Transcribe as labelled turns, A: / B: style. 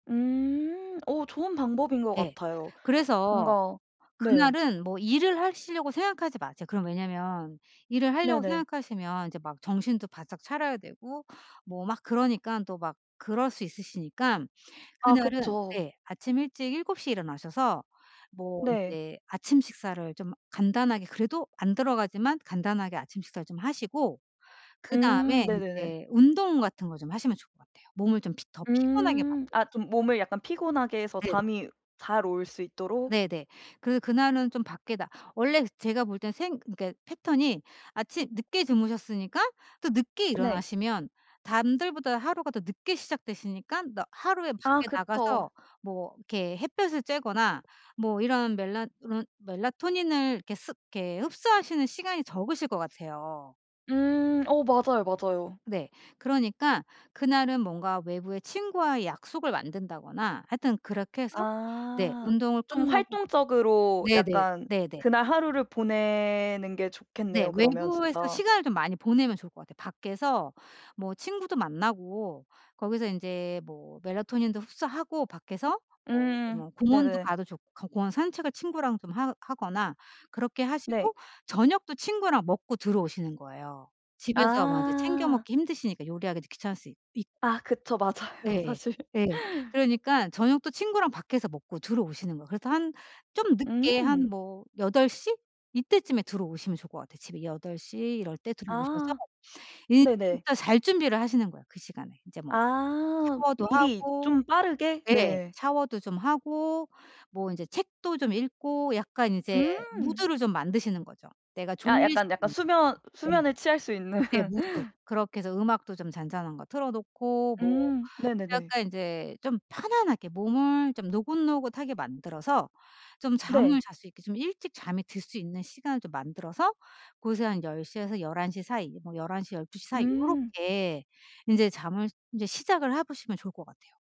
A: 음. 어 좋은 방법인 것
B: 예.
A: 같아요.
B: 그래서
A: 뭔가 네.
B: 그날은 뭐 일을 하시려고 생각하지 마세요. 그럼 왜냐하면 일을 하려고
A: 네네.
B: 생각하시면 이제 막 정신도 바짝 차려야 되고 뭐 막 그러니깐 또 막 그럴 수 있으시니까
A: 아
B: 그날은
A: 그쵸.
B: 네. 아침 일찍 7:00 에 일어나셔서 뭐
A: 네.
B: 이제 아침 식사를 좀 간단하게 그래도 안 들어가지만 간단하게 아침 식사를 좀 하시고
A: 음.
B: 그다음에
A: 네네네.
B: 이제 운동 같은 거 좀 하시면 좋을 것 같아요. 몸을 좀 더 피곤하게
A: 음.
B: 만들기.
A: 아 좀 몸을 약간 피곤하게 해서
B: 네.
A: 잠이 잘 올 수 있도록.
B: 네네. 그래서 그날은 좀 밖에 나 원래 제가 볼 땐 생 그니까 패턴이 아침 늦게 주무셨으니까 또 늦게
A: 네.
B: 일어나시면 남들보다 하루가 더 늦게 시작되시니까 남 하루에
A: 아
B: 밖에 나가서
A: 그쵸.
B: 뭐 이렇게 햇볕을 쬐거나 뭐 이런 멜라 이런 melatonin을 이렇게 습 이렇게 흡수하시는 시간이 적으실 것 같아요.
A: 음. 어 맞아요, 맞아요.
B: 네. 그러니까 그날은 뭔가 외부의 친구와의 약속을 만든다거나 하여튼 그렇게 해서 네.
A: 아.
B: 운동을
A: 좀
B: 끝나고
A: 활동적으로
B: 네네.
A: 약간
B: 네네.
A: 그날 하루를 보내는 게
B: 네.
A: 좋겠네요 그러면
B: 외부에서
A: 진짜.
B: 시간을 좀 많이 보내면 좋을 것 같아요. 밖에서 뭐 친구도 만나고 거기서 이제 뭐 melatonin도 흡수하고 밖에서 뭐
A: 음.
B: 뭐 공원도
A: 네네.
B: 가도 좋고 공원 산책을 친구랑 좀 하 하거나 그렇게 하시고
A: 네.
B: 저녁도 친구랑 먹고 들어오시는 거예요. 집에서 뭐 이제 챙겨
A: 아.
B: 먹기 힘드시니까 요리하기도 귀찮을 수 있고.
A: 아 그쵸. 맞아요
B: 예.
A: 사실.
B: 예. 그러니까 저녁도 친구랑 밖에서 먹고 들어오시는 거예요. 그래서 한 좀 늦게 한
A: 음.
B: 뭐 8:00? 이때쯤에 들어오시면 좋을 것 같아요. 집에 8:00 이럴 때 들어오셔서
A: 아. 네네.
B: 일단 잘 준비를 하시는 거예요 그 시간에. 이제 뭐
A: 아.
B: 샤워도
A: 미리
B: 하고
A: 좀 빠르게?
B: 네.
A: 네.
B: 샤워도 좀 하고 뭐 이제 책도 좀 읽고 약간 이제
A: 음.
B: 무드를 좀 만드시는 거죠 내가
A: 아
B: 졸릴 수
A: 약간 약간
B: 있는.
A: 수면,
B: 네.
A: 수면을 취할 수 있는.
B: 네 무드. 그렇게 해서 음악도 좀 잔잔한 거 틀어 놓고 뭐
A: 음 네네네.
B: 약간 이제 좀 편안하게 몸을 좀 노곤노곤하게 만들어서 좀 잠을
A: 네.
B: 잘 수 있게 좀 일찍 잠에 들 수 있는 시간을 좀 만들어서 그래서 한 10:00에서 11:00 사이. 뭐 11:00 12:00 사이
A: 음.
B: 요렇게 이제 잠을 이제 시작을 해 보시면 좋을 것 같아요.